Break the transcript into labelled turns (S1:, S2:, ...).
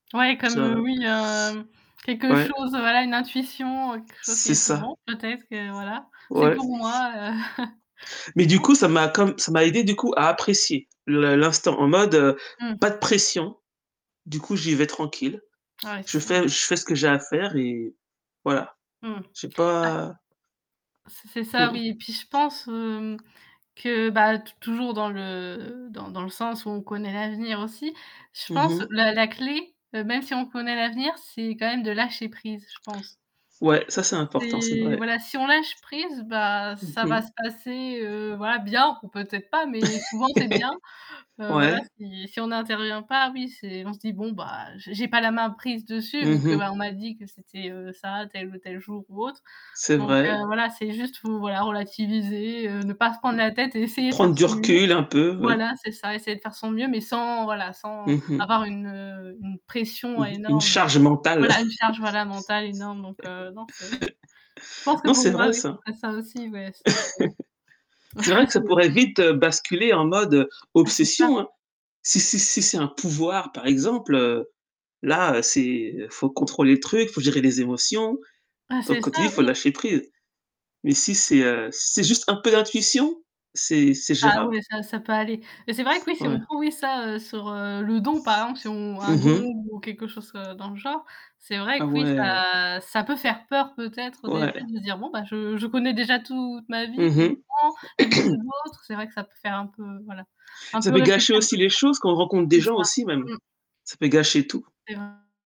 S1: Ouais, comme, heu,
S2: Ça
S1: oui, heu, quelque
S2: Ouais.
S1: chose, voilà, une intuition, quelque chose qui
S2: C'est
S1: est plus
S2: ça.
S1: bon, peut-être que, voilà, c'est
S2: Ouais.
S1: pour moi, heu
S2: Mais du coup ça
S1: OK.
S2: m'a comme ça m'a aidé du coup à apprécier le l'instant en mode
S1: Mmh.
S2: pas de pression, du coup j'y vais tranquille.
S1: Ah, ouais, c'est
S2: Je
S1: ça.
S2: fais je fais ce que j'ai à faire et voilà.
S1: Mmh,
S2: J'ai
S1: bah
S2: pas
S1: C c'est c'est ça
S2: Mmh.
S1: oui et puis je pense, hem, que bah, t toujours dans le dans dans le sens où on connaît l'avenir aussi, Je
S2: Mmh
S1: pense
S2: mh.
S1: la la clé, heu, même si on connaît l'avenir, c'est quand même de lâcher prise, je pense.
S2: Ouais, ça c'est important, c'est
S1: C'est,
S2: vrai.
S1: voilà, si on lâche prise, bah,
S2: Mmh
S1: ça
S2: mh.
S1: va se passer, heu, voilà, bien ou peut-être pas, mais souvent c'est bien. Heu, voilà,
S2: Ouais.
S1: si si on n'intervient pas, oui c'est on se dit: «Bon bah j'ai pas la main prise dessus vu
S2: Mmh
S1: que
S2: mh.
S1: on m'a dit que c'était ça, tel ou tel jour ou autre»
S2: C'est
S1: donc, heu,
S2: vrai.
S1: voilà, c'est juste vous voilà relativiser, heu, ne pas se prendre la tête et essayer de faire
S2: Prendre
S1: de son
S2: du
S1: mieux.
S2: recul un peu. Ouais.
S1: Voilà, c'est ça, essayer de faire de son mieux, mais sans, voilà, sans
S2: Mmh mh.
S1: avoir une une pression
S2: Mmh mh, une
S1: énorme,
S2: charge mentale.
S1: voilà, une charge, voilà, fondamentale énorme, donc, heu, non, c'est je pense que
S2: Non,
S1: pour
S2: c'est
S1: moi
S2: vrai
S1: oui,
S2: ça.
S1: ça serait ça aussi. Ouais. [unintelligible]
S2: C'est vrai que ça pourrait
S1: j'avoue.
S2: vite basculer en mode
S1: Ah, c'est ça.
S2: obsession, hein. Si si si c'est un pouvoir par exemple, là, heu, c'est faut contrôler le truc, faut gérer les émotions.
S1: Ah
S2: Donc
S1: c'est
S2: comme tu dis:
S1: ça,
S2: «Faut
S1: oui.
S2: lâcher prise» mais si, heu, si c'est juste un peu d'intuition, c'est c'est
S1: Ah
S2: géra
S1: ouais, ça, ça peut aller Mais c'est vrai que, oui, si
S2: Ouais.
S1: on prend, oui, ça sur le don par exemple, si on un
S2: Mmh
S1: don
S2: mh.
S1: ou quelque chose, heu, dans le genre, c'est
S2: Ah
S1: vrai que oui,
S2: ouais.
S1: ça ça peut faire peur peut-être au
S2: Ouais.
S1: début de se dire: «Bon ben je, je connais déjà toute ma
S2: Mmh
S1: vie, quelque
S2: mh.
S1: part, la vie des autres» c'est vrai que ça peut faire un peu voilà, un
S2: Ça
S1: peu
S2: peut
S1: réfléchir
S2: gâcher aussi
S1: [unintelligible]
S2: les choses quand on rencontre
S1: c'est
S2: des gens
S1: ça
S2: aussi même.
S1: mmh.
S2: Ça peut gâcher tout.
S1: [unintelligible]